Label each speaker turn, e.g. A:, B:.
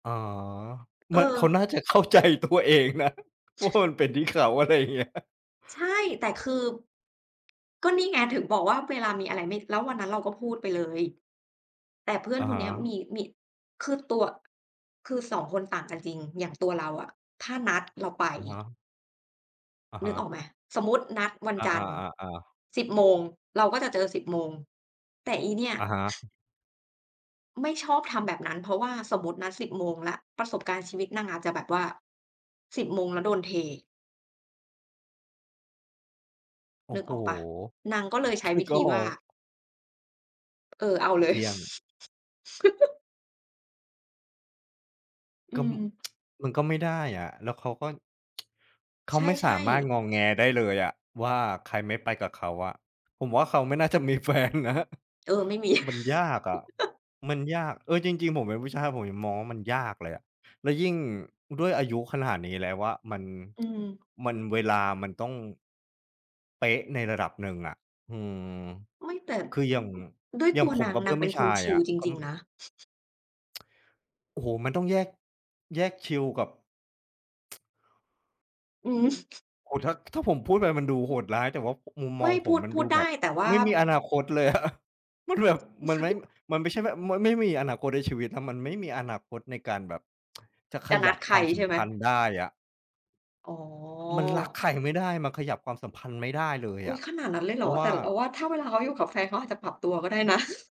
A: อ๋อ
B: เ
A: มัน เขา
B: ออ
A: น่าจะ เข้าใจตัวเองนะ ว่ามันเป็นที่เขา อะไรอย่างเงี้ย
B: ใช่ แต่คือ ก็นี่ไง ถึงบอกว่าเวลามีอะไรไม่ แล้ววันนั้นเราก็พูดไปเลย แต่เพื่อน
A: อะ
B: ค
A: ฮ
B: นนี้ม
A: ะ
B: ี มี คือตัว คือ 2 คนต่างกันจริง อย่างตัวเราอะ ถ้านัดเราไป
A: อะ
B: อ
A: ฮ
B: ีก
A: ะ อะ
B: น
A: ฮ
B: ึกอ
A: ะ
B: อกไหม สมมุตินัดวัน
A: อา
B: จันทร์
A: ๆ ๆ ๆ
B: 10 โมง เราก็จะเจอ 10 โมง แต่อีเนี่ย
A: อะฮะ
B: ไม่ชอบทำแบบนั้น เพราะว่าสมมุตินะ 10 โมง ล่ะ ประสบการณ์ชีวิตนางอะจะแบบว่า 10 โมงแล้วโดนเท
A: โอ้
B: นึ
A: โ
B: ก
A: ฮ!
B: ออกเปล่า นางก็เลยใช
A: ถ
B: ้
A: ึ
B: ว
A: ง
B: ิ
A: ก
B: ธ
A: ับ
B: ี
A: ห่
B: ว
A: อ
B: ่า เออ เอาเล
A: เท
B: ย
A: ี่ยง
B: อื
A: ก็
B: ม
A: มันก็ไม่ได้อ่ะ แล้วเขาก็ เข
B: ใ
A: าไม่
B: ช
A: สา
B: ่
A: มารถ
B: ๆ
A: งอแงได้เลยอะ ว่าใครไม่ไปกับเขาอะ ผมว่าเขาไม่น่าจะมี แฟนนะ
B: เออ ไม่มี
A: มันยากอะ มันยาก เออ จริง ๆ ผมเป็นผู้ชาย ผมยังมองว่ามันยากเลยอะ แล้วยิ่งด้วยอายุขนาดนี้แล้วอะ มัน
B: อืม
A: มันเวลามันต้อง เป๊ะในระดับหนึ่งอะ อืม
B: ไม่ แต่
A: คืออย่าง
B: ด้วย
A: อย
B: ต
A: ่า
B: ั
A: ง
B: ว
A: ผ
B: น
A: ม
B: าง
A: กับเ
B: น
A: พ
B: า
A: ื่อ
B: ง
A: น
B: เป
A: ผ
B: ็
A: ู
B: น
A: ้
B: ค
A: ช
B: น
A: าย
B: ชิ
A: อ
B: ล
A: ะ
B: จ
A: ก็
B: ริง ๆ นะ
A: โอ้โฮ! มันต้องแยก แยกชิลกับ
B: อือ
A: โอ้ ถ้า ถ้าผมพูดไปมันดูโหดร้าย แต่ว่า มุมม
B: ไม
A: อ
B: ่
A: งผ
B: พู
A: ม
B: ด
A: มัน
B: พู
A: ด
B: ด
A: ู
B: ไ
A: แ
B: ด
A: บ
B: ้
A: บ
B: แต่ว่
A: ไ
B: า
A: ม่มีอนาคตเลย อะ มัน
B: ก็
A: แบบ
B: รู้
A: มั
B: ส
A: น
B: ึ
A: ไ
B: ก
A: ม่ มันไม่ใช่แบบ มันไม่มีอนาคตใน ชีวิตนะ มันไม่มีอนาคตในการแบบ จะ
B: จ
A: ข
B: ะน
A: ย
B: ั
A: ั
B: ด
A: บ
B: ใค
A: ค
B: ร
A: วามส
B: ใ
A: ั
B: ช่
A: ม
B: ไหม?
A: พันธ์ได้อะ
B: อ๋
A: มันรัก
B: อ
A: ใครไม่ได้ มันขยับความสัมพันธ์ไม่ได้เลย
B: อุ๊
A: อ
B: ย!
A: ะ
B: ขนาดนั้นเลยเ
A: เพ
B: หร
A: รา
B: อ?
A: ะว
B: แ
A: ่
B: ต่
A: า
B: เราว่าถ้าเวลาเขาอยู่กับแฟน เขาอาจจะปรับตัวก็ได้นะ